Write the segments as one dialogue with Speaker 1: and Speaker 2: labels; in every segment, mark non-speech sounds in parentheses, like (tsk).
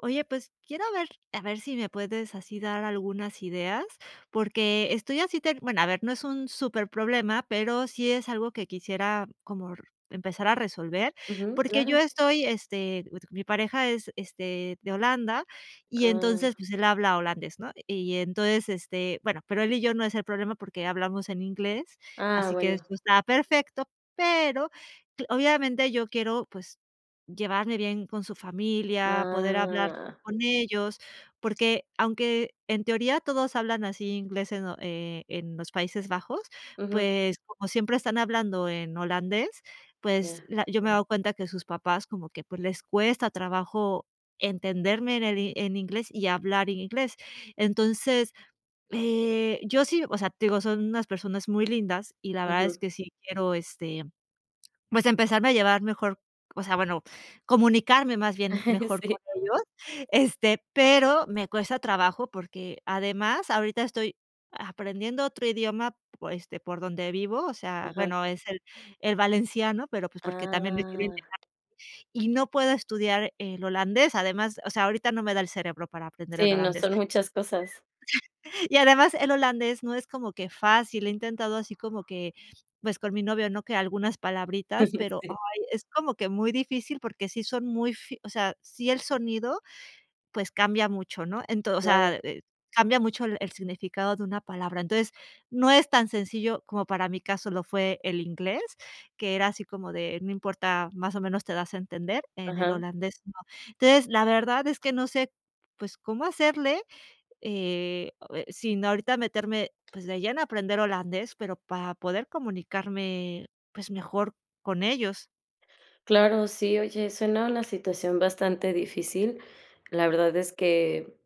Speaker 1: Oye, pues quiero ver, a ver si me puedes, así, dar algunas ideas, porque estoy así ter bueno, a ver, no es un súper problema, pero sí es algo que quisiera, como r empezar a resolver,
Speaker 2: Ujú,
Speaker 1: porque yo
Speaker 2: claro.
Speaker 1: estoy, este, mi pareja es, este, de Holanda, y
Speaker 2: Ah.
Speaker 1: entonces, pues él habla holandés, ¿no?, y entonces, este, bueno, pero él y yo, no es el problema porque hablamos en inglés,
Speaker 2: Ah,
Speaker 1: así que
Speaker 2: bueno.
Speaker 1: esto está perfecto, pero, cl obviamente, yo quiero, pues, llevarme bien con su familia, poder hablar
Speaker 2: Ah.
Speaker 1: con ellos, porque aunque en teoría, todos hablan así inglés, en lo eh, en los Países Bajos,
Speaker 2: Ujú.
Speaker 1: pues como siempre están hablando en holandés, pues
Speaker 2: Ya.
Speaker 1: la yo me he dado cuenta, que sus papás como que pues, les cuesta trabajo entenderme en el i en inglés, y hablar en inglés. Entonces, eh, yo sí O sea, te digo, son unas personas muy lindas y la verdad, es
Speaker 2: Ujú.
Speaker 1: que sí quiero, este, pues, empezarme a llevar mejor, o sea, bueno, comunicarme más bien,
Speaker 2: (laughs)
Speaker 1: mejor con
Speaker 2: Sí.
Speaker 1: ellos, este, pero me cuesta trabajo, porque además, ahorita estoy aprendiendo otro idioma, pues, este, por donde vivo, o sea,
Speaker 2: Ajá.
Speaker 1: bueno, es el el valenciano, pero, pues, porque también me quiero
Speaker 2: Ah.
Speaker 1: integrar y no puedo estudiar el holandés, además, o sea, ahorita no me da el cerebro, para aprender el
Speaker 2: Sí, no,
Speaker 1: holandés.
Speaker 2: son muchas cosas.
Speaker 1: (laughs) Y además, el holandés no es como que fácil, he intentado así como que pues con mi novio, ¿no?, que algunas palabritas,
Speaker 2: (laughs)
Speaker 1: pero, ay,
Speaker 2: Sí.
Speaker 1: es como que muy difícil, porque sí son muy fi o sea, sí, el sonido, pues cambia mucho, ¿no?, ento o
Speaker 2: Claro.
Speaker 1: sea, eh, cambia mucho el el significado de una palabra, entonces, no es tan sencillo como, para mi caso, lo fue el inglés, que era así, como de: "No importa, más o menos te das a entender", en el
Speaker 2: Ajá.
Speaker 1: holandés, no, entonces, la verdad es que no sé, pues cómo hacerle, eh eh, sin ahorita meterme, pues, de lleno a aprender holandés, pero para poder comunicarme, pues, mejor con ellos.
Speaker 2: Claro, sí, oye, suena una situación bastante difícil. La verdad es que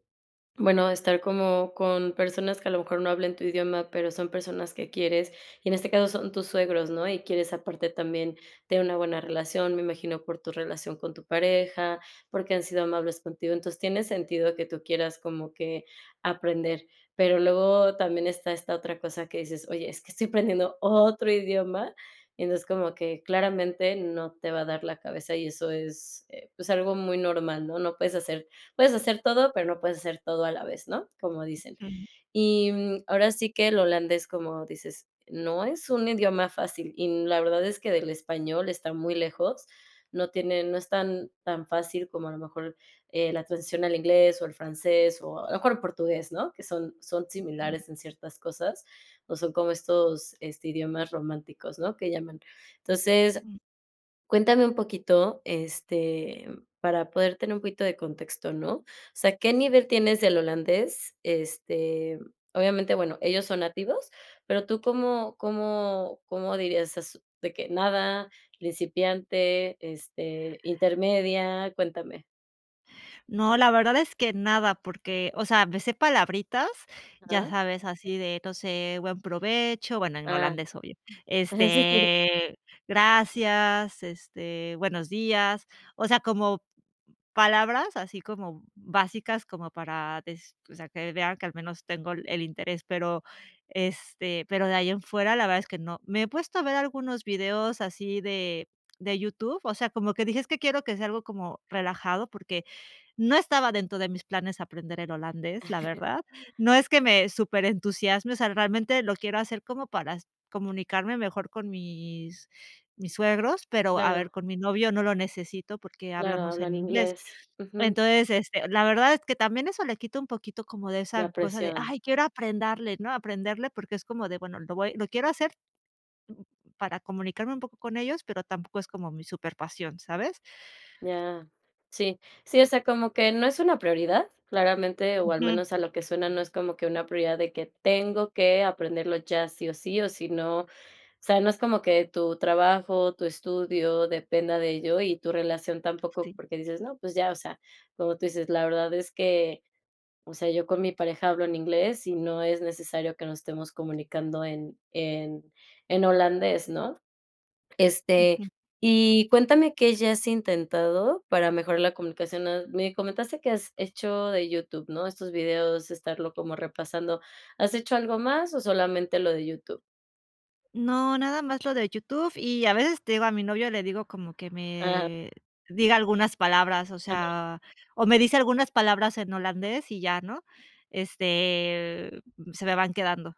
Speaker 2: bueno, estar como con personas que a lo mejor, no hablen tu idioma, pero son personas que quieres, y en este caso son tus suegros, ¿no? Y quieres aparte, también, tener una buena relación. Me imagino por tu relación con tu pareja, porque han sido amables contigo. Entonces, tiene sentido que tú quieras, como que aprender. Pero luego también esta esta otra cosa que dices: "Oye, es que estoy aprendiendo otro idioma". Y entonces, como que claramente no te va a dar la cabeza, y eso es, eh, pues, algo muy normal, ¿no? No puedes hacer puedes hacer todo, pero no puedes hacer todo a la vez, ¿no?, como dicen.
Speaker 1: Ujú.
Speaker 2: Y, mm, ahora sí que el holandés, como dices, no es un idioma fácil. Y n la verdad es que del español está muy lejos. No tiene no es tan tan fácil, como a lo mejor, eh, la transición al inglés, o el francés, o a lo mejor, portugués, ¿no? Que son son similares en ciertas cosas. O son como estos este, idiomas románticos, ¿no?, que llaman. Entonces,
Speaker 1: Mm.
Speaker 2: cuéntame un poquito, este, para poder tener un poquito de contexto, ¿no? O sea, ¿qué nivel tienes del holandés? Este, obviamente, bueno, ellos son nativos. Pero tú, ¿cómo cómo cómo dirías es? De que nada, principiante, este, intermedia. Cuéntame.
Speaker 1: No, la verdad es que nada, porque, o sea, me sé palabritas, ya
Speaker 2: Ah.
Speaker 1: sabes, así de no sé, "Buen provecho", bueno, en
Speaker 2: Ah.
Speaker 1: holandés obvio,
Speaker 2: Eh, sí.
Speaker 1: este, "Gracias", este, "Buenos días", o sea, como palabras, así como básicas, como para des o sea, que vean que al menos tengo el el interés, pero, este, pero de ahí en fuera la verdad es que no. Me he puesto a ver algunos videos así de de YouTube, o sea, como que dije: "Es que quiero que sea algo como relajado", porque, no estaba dentro de mis planes aprender el holandés, la
Speaker 2: (chuckles)
Speaker 1: verdad, no es que me súper entusiasme, o sea, realmente lo quiero hacer para s comunicarme mejor con mis mis suegros, pero, a ver,
Speaker 2: Claro.
Speaker 1: con mi novio no lo necesito porque
Speaker 2: Claro,
Speaker 1: hablamos en
Speaker 2: hablan
Speaker 1: inglés,
Speaker 2: inglés. Ujú.
Speaker 1: entonces, este, la verdad es que también eso le quita un poquito como de esa
Speaker 2: La
Speaker 1: cosa de:
Speaker 2: presión.
Speaker 1: "Ay, quiero aprenderle, ¿no?, aprenderle", porque es como de: "Bueno, lo voy lo quiero hacer, para comunicarme un poco con ellos", pero tampoco es como mi súper pasión, ¿sabes?
Speaker 2: Ya, sí. Sí, o sea, como que no es una prioridad, claramente, o al
Speaker 1: Ujú.
Speaker 2: menos a lo que suena, no es como que una prioridad de que: "Tengo que aprenderlo ya sí o sí, o sí no", o sea, no es como que tu trabajo, tu estudio dependa de ello y tu relación tampoco,
Speaker 1: Sí.
Speaker 2: porque dices: "No, pues ya, o sea", como tú dices: "La verdad es que, o sea, yo con mi pareja hablo en inglés y no es necesario que nos estemos comunicando en en en holandés", ¿no?, este,
Speaker 1: Ujú.
Speaker 2: y cuéntame, ¿qué ya has intentado para mejorar la comunicación?, ah, me comentaste que has hecho de YouTube, ¿no?, estos videos, estarlo como repasando, ¿has hecho algo más o solamente lo de YouTube?
Speaker 1: No, nada más lo de YouTube y a veces te digo a mi novio le digo como que
Speaker 2: Ah.
Speaker 1: me, diga algunas palabras, o
Speaker 2: Ándale.
Speaker 1: sea, o me dice algunas palabras en holandés y ya, ¿no? Este, se me van quedando.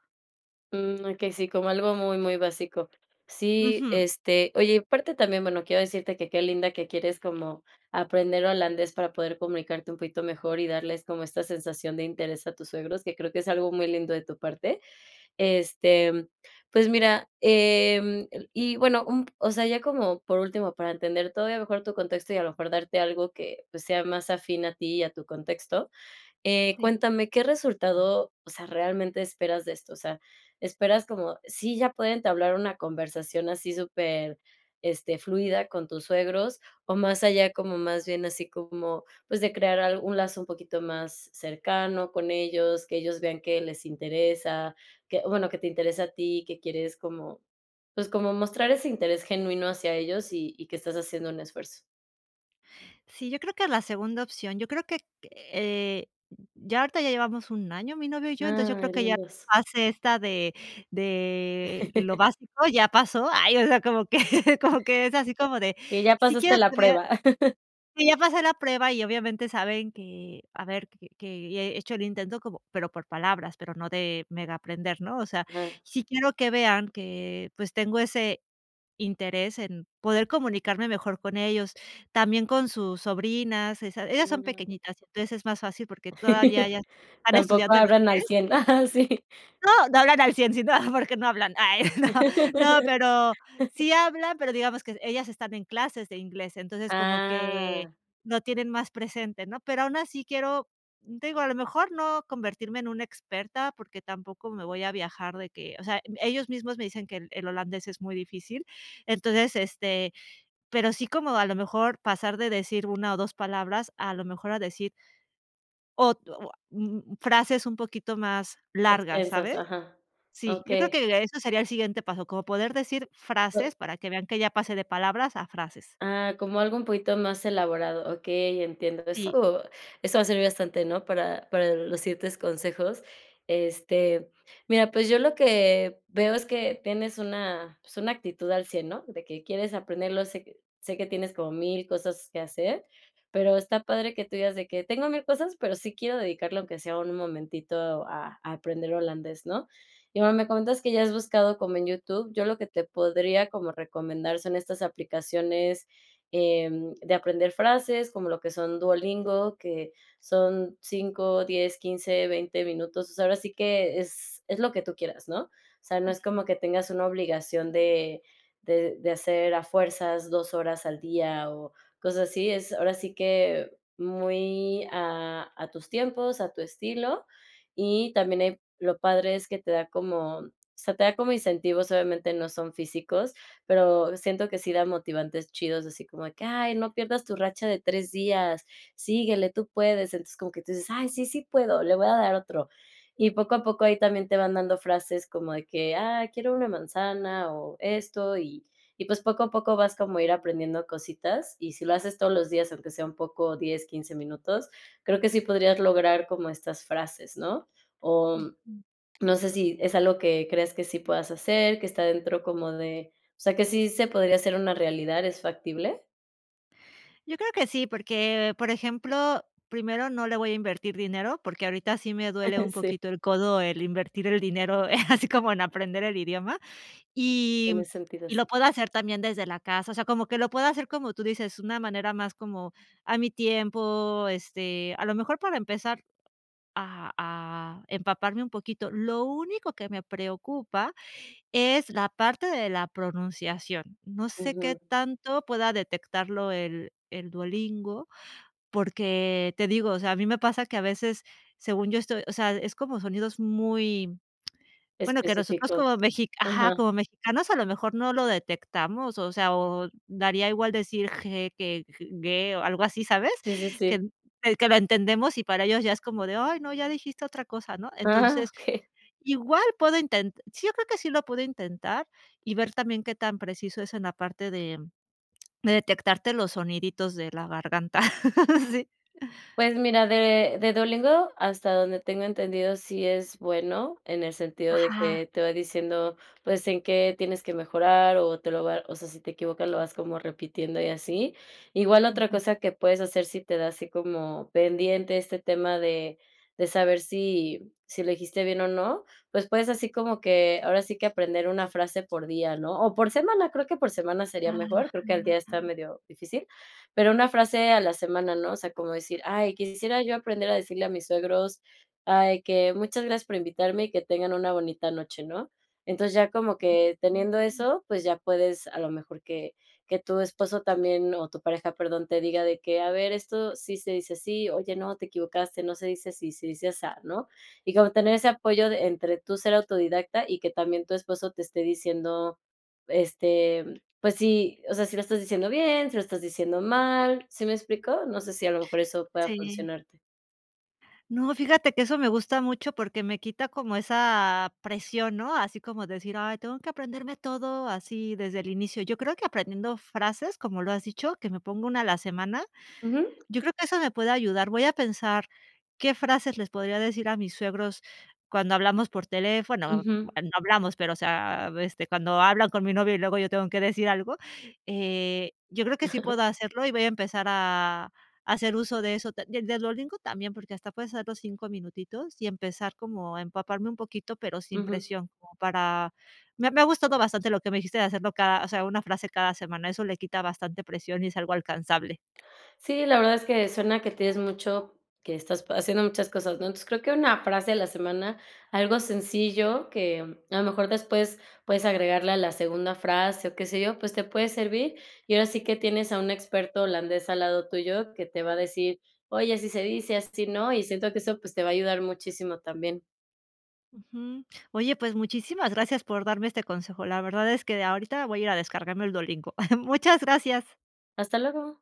Speaker 2: Mm okey, sí, como algo muy, muy básico. Sí,
Speaker 1: Ujú.
Speaker 2: este, oye, y a parte también, bueno, quiero decirte que, qué linda que quieres como, aprender holandés para poder comunicarte un poquito mejor y darles como esta sensación de interés a tus suegros, que creo que es algo muy lindo de tu parte. Este, pues mira, em, eh, y bueno, un p o sea, ya como por último, para entender todavía mejor tu contexto y a lo mejor darte algo que, pues, sea más afín a ti y a tu contexto, eh,
Speaker 1: Sí.
Speaker 2: cuéntame, ¿qué resultado, o sea, realmente esperas de esto? O sea, ¿esperas como sí ya pueden entablar una conversación así súper, este, fluida con tus suegros? O más allá como más bien así como, pues, de crear al un lazo un poquito más cercano con ellos, que ellos vean que les interesa, que bueno, que te interesa a ti, que quieres como, pues, como mostrar ese interés genuino hacia ellos y y que estás haciendo un esfuerzo.
Speaker 1: Sí, yo creo que la segunda opción, yo creo que, eh, ya ahorita ya llevamos 1 año, mi novio y yo, entonces, yo creo
Speaker 2: Ay,
Speaker 1: que ya
Speaker 2: lindos.
Speaker 1: hace esta de de lo
Speaker 2: (laughs)
Speaker 1: básico, ya pasó. Ay, o sea, como que (laughs) como que es así, como
Speaker 2: (chuckles)
Speaker 1: de,
Speaker 2: Que ya
Speaker 1: si
Speaker 2: pasaste
Speaker 1: quiero
Speaker 2: la
Speaker 1: tener,
Speaker 2: prueba. (laughs)
Speaker 1: sí, ya pasé la prueba y obviamente saben que, a ver, que ya he hecho el intento como pero por palabras, pero no de mega aprender, ¿no? O sea,
Speaker 2: Ah.
Speaker 1: sí quiero que vean que, pues, tengo ese interés en poder comunicarme mejor con ellos, también con sus sobrinas, esas ellas son
Speaker 2: Mm.
Speaker 1: pequeñitas, entonces es más fácil porque todavía
Speaker 2: (laughs)
Speaker 1: ellas están
Speaker 2: Tampoco
Speaker 1: estudiando el
Speaker 2: hablan al
Speaker 1: inglés.
Speaker 2: 100 Ajá, sí.
Speaker 1: No, no hablan al 100 sino, ah, porque no hablan. (laughs) Ay, no, no, pero
Speaker 2: (laughs)
Speaker 1: sí hablan, pero digamos que ellas están en clases de inglés. Entonces, como que
Speaker 2: Ah.
Speaker 1: lo tienen más presente, ¿no? Pero aun así quiero, n te digo, a lo mejor no convertirme en una experta, porque tampoco me voy a viajar de que, o sea, em, ellos mismos me dicen que el el holandés es muy difícil. Entonces, este, pero sí como a lo mejor pasar de decir una o 2 palabras, a lo mejor a decir o to ah mm frases un poquito más largas,
Speaker 2: Extensas,
Speaker 1: ¿sabes?
Speaker 2: ajá.
Speaker 1: Sí, yo creo
Speaker 2: Okey.
Speaker 1: que eso sería el siguiente paso, como poder decir frases para que vean que ya pasé de palabras a frases.
Speaker 2: Ah, como algo un poquito más elaborado. Okey, entiendo
Speaker 1: Sí.
Speaker 2: eso. Eso va a servir bastante, ¿no? Para, para los siguientes consejos. Este, mira, pues yo lo que veo es que tienes una, pues una actitud al 100 ¿no? De que quieres aprenderlo, sé que sé que tienes como 1000 cosas que hacer, pero está padre que tú digas de que: "Tengo 1000 cosas, pero sí quiero dedicarle aunque sea un momentito a aprender holandés, ¿no?". Y, bueno, me comentas que ya has buscado como en YouTube, yo lo que te podría como recomendar son estas aplicaciones, em, de aprender frases, como lo que son Duolingo, que son , 10 15 20 minutos. Pues ahora sí que es, es lo que tú quieras, ¿no? O sea, no es como
Speaker 1: Ujú.
Speaker 2: que tengas una obligación de de de hacer a fuerzas 2 horas al día o cosas así. Es ahora sí que, muy a, a tus tiempos, a tu estilo. Y también ahí lo padre es que te da como, o sea, te da te da como incentivos, obviamente no son físicos, pero siento que sí da motivantes chidos, así como de que: "Ay, no pierdas tu racha de 3 días, síguele, tú puedes". Entonces, como que tú dices: "Ay, sí, sí puedo, le voy a dar otro". Y poco a poco ahí también te van dando frases como de que: "Ah, quiero una manzana o esto". Y y pues, poco a poco vas como a ir aprendiendo cositas. Y si lo haces todos los días, aunque sea un poco 10 15 minutos, creo que sí podrías lograr como estas frases, ¿no? O
Speaker 1: Ujú.
Speaker 2: no sé si es algo que crees que sí puedas hacer, que está dentro como de, o sea, que sí se podría hacer una realidad, ¿es factible?
Speaker 1: Yo creo que sí, porque, por ejemplo, primero no le voy a invertir dinero, porque ahorita sí me duele
Speaker 2: (laughs)
Speaker 1: un
Speaker 2: Sí.
Speaker 1: poquito el codo, el invertir el dinero, eh, así como en aprender el idioma, y
Speaker 2: Tiene sentido,
Speaker 1: y
Speaker 2: sí.
Speaker 1: lo puedo hacer también desde la casa, o sea, como que lo puedo hacer, como tú dices, una manera más como, a mi tiempo, este, a lo mejor para empezar a a empaparme un poquito. Lo único que me preocupa, es la parte de la pronunciación, no sé qué
Speaker 2: Ujú.
Speaker 1: tanto pueda detectarlo el el Duolingo, porque, te digo, o sea, a mí me pasa que a veces, según yo, estoy O sea, es como sonidos muy (tsk) Bueno, que nosotros
Speaker 2: Específicos.
Speaker 1: como mexi ajá,
Speaker 2: Ajá.
Speaker 1: como mexicanos, a lo mejor no lo detectamos, o sea, o daría igual decir g que gue, algo así, ¿sabes?,
Speaker 2: Sí, sí,
Speaker 1: que
Speaker 2: sí.
Speaker 1: que lo entendemos, y para ellos ya es como de: "Ay, no, ya dijiste otra cosa", ¿no?,
Speaker 2: Ah,
Speaker 1: entonces,
Speaker 2: okey.
Speaker 1: igual puedo inten sí, yo creo que sí lo puedo intentar y ver también, qué tan preciso es en la parte de de detectarte, los soniditos de la garganta. (laughs) Sí.
Speaker 2: Pues, mira, de de Duolingo, hasta donde tengo entendido, sí es bueno, en el sentido de
Speaker 1: Ajá.
Speaker 2: que te va diciendo, pues, en qué tienes que mejorar, o te lo va O sea, si te equivocas, lo vas como repitiendo, y así. Igual, otra
Speaker 1: Ujú.
Speaker 2: cosa que puedes hacer, si te da así como pendiente este tema, de de saber, si si elegiste bien o no, pues, puedes así como que, ahora sí, que aprender una frase por día, ¿no?, o por semana, creo que por semana sería
Speaker 1: Ajá.
Speaker 2: mejor, creo que, al día, está medio difícil, pero una frase a la semana, ¿no? O sea, como decir: "Ay, quisiera yo aprender a decirle a mis suegros, ay, que muchas gracias por invitarme, y que tengan una bonita noche", ¿no?, entonces, ya como que teniendo
Speaker 1: (unintelligible)
Speaker 2: eso, pues, ya puedes, a lo mejor que que tu esposo también, o tu pareja, perdón, te diga de que: "A ver, esto sí se dice así. Oye no, te equivocaste, no se dice así, se dice asá", ¿no?, y como tener ese apoyo, entre tú ser autodidacta, y que también tu esposo te esté diciendo, este Pues sí, o sea, si lo estás diciendo bien, si lo estás diciendo mal, ¿sí me explico?, no sé, si a lo mejor eso pueda
Speaker 1: Sí.
Speaker 2: funcionarte.
Speaker 1: No, fíjate que eso me gusta mucho porque me quita como esa presión, ¿no?, así como decir: "Ay, tengo que aprenderme todo así desde el inicio", yo creo que aprendiendo frases, como lo has dicho, que me pongo una a la semana,
Speaker 2: Ujú.
Speaker 1: yo creo que eso me puede ayudar, voy a pensar qué frases les podría decir a mis suegros cuando hablamos por teléfono,
Speaker 2: Ujú.
Speaker 1: (unintelligible) no hablamos, pero, o sea, este, cuando hablan con mi novio y luego yo tengo que decir algo, eh, yo creo que sí
Speaker 2: (chuckles)
Speaker 1: puedo hacerlo y voy a empezar a a hacer uso de eso, de de Duolingo también, porque hasta puedes hacer los 5 minutitos y empezar como a empaparme un poquito, pero sin
Speaker 2: Ujú.
Speaker 1: presión, para me me ha gustado bastante lo que me dijiste de hacerlo cada, o sea, una frase cada semana, eso le quita bastante presión y es algo alcanzable.
Speaker 2: Sí, la verdad es que suena que tienes mucho que estás pa haciendo muchas cosas, ¿no?, entonces, creo que una frase a la semana, algo sencillo que a lo mejor después puedes agregarle a la segunda frase, o qué sé yo, pues, te puede servir. Y ahora sí que, tienes a un experto holandés al lado tuyo que te va a decir: "Oye, así se dice, así no", y siento que eso, pues, te va a ayudar muchísimo también.
Speaker 1: Ujú. Oye, pues muchísimas gracias por darme este consejo, la verdad es que de ahorita voy a ir a descargarme el Duolingo. (chuckles) Muchas gracias.
Speaker 2: Hasta luego.